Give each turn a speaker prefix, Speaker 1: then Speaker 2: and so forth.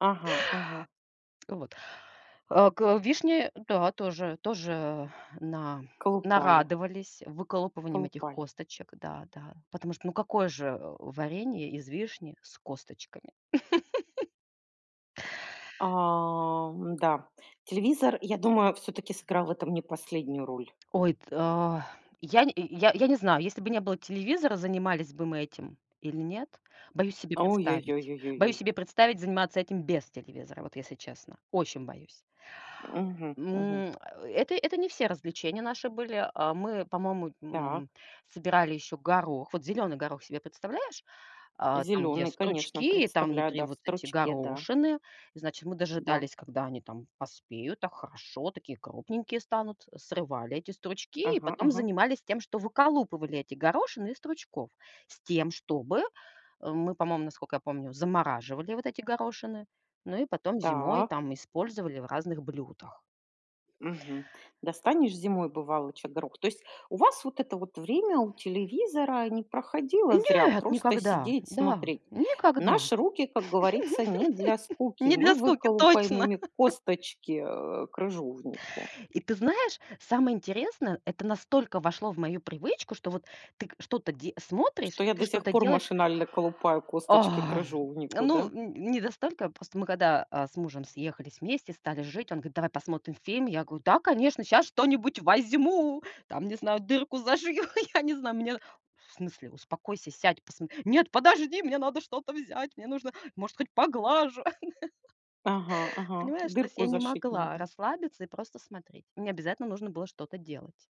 Speaker 1: Ага, ага.
Speaker 2: Вот. А к вишне, да, тоже, тоже на
Speaker 1: Колупали.
Speaker 2: нарадовались выколупыванием этих
Speaker 1: Колупали.
Speaker 2: косточек. Да, да. Потому что, ну какое же, э, варенье из вишни с косточками.
Speaker 1: Ам, да, телевизор, я думаю, всё-таки сыграл в этом не последнюю роль.
Speaker 2: Ой, та я нь й я я не знаю, если бы не было телевизора, занимались бы мы этим или нет. Боюсь себе
Speaker 1: Ой ой ой
Speaker 2: представить.
Speaker 1: ой ой ой
Speaker 2: Боюсь
Speaker 1: ой.
Speaker 2: себе представить, заниматься этим без телевизора. Вот, если честно. Очень боюсь.
Speaker 1: Мгм, мгм.
Speaker 2: М, э, это это не все развлечения наши были, а. Мы, по-моему,
Speaker 1: Так.
Speaker 2: м, собирали еще горох. Вот зеленый горох себе представляешь, а? Там где
Speaker 1: Зеленый, конечно,
Speaker 2: стручки там
Speaker 1: представляю,
Speaker 2: внутри,
Speaker 1: да, в
Speaker 2: вот эти
Speaker 1: стручке, да.
Speaker 2: горошины, значит, мы
Speaker 1: Да.
Speaker 2: дожидались когда они там поспеют так хорошо, такие крупненькие станут, срывали эти стручки и
Speaker 1: Ага,
Speaker 2: потом
Speaker 1: ага.
Speaker 2: занимались тем, что выколупывали эти горошины из стручков с тем, чтобы, э, мы по-моему, насколько я помню, замораживали вот эти горошины. Ну и потом зимой
Speaker 1: Так.
Speaker 2: там использовали в разных блюдах.
Speaker 1: Мгм. Достанешь зимой, бывалоча горох. То есть у вас вот это вот время у телевизора не проходило зря,
Speaker 2: Нет,
Speaker 1: просто
Speaker 2: никогда.
Speaker 1: сидеть
Speaker 2: Да,
Speaker 1: смотреть.
Speaker 2: никогда.
Speaker 1: Наши руки, как говорится, не для скуки.
Speaker 2: Не для
Speaker 1: Мы
Speaker 2: скуки
Speaker 1: выколупаем
Speaker 2: точно.
Speaker 1: ими косточки, э, крыжовнику.
Speaker 2: И ты знаешь, самое интересное, это настолько вошло в мою привычку, что вот ты к что-то де смотришь
Speaker 1: Что
Speaker 2: и
Speaker 1: я
Speaker 2: ты
Speaker 1: до сих
Speaker 2: что-то
Speaker 1: пор
Speaker 2: делаешь.
Speaker 1: машинально колупаю косточки
Speaker 2: Ах,
Speaker 1: крыжовнику,
Speaker 2: ну,
Speaker 1: да?
Speaker 2: н не настолько, просто мы когда, а, с мужем съехались вместе стали жить, он говорит: "Давай посмотрим фильм." Я говорю: "Да, конечно, щас что-нибудь возьму там, не знаю, дырку зашью, я не знаю." Он мне: "В смысле, успокойся, сядь, посмот" "Нет, подожди, мне надо что-то взять. Мне нужно, может хоть, поглажу."
Speaker 1: Ага, ага,
Speaker 2: Понимаешь, то есть
Speaker 1: дырку
Speaker 2: я не
Speaker 1: зашить
Speaker 2: могла
Speaker 1: нужно.
Speaker 2: расслабиться и просто смотреть. Мне обязательно нужно было что-то делать.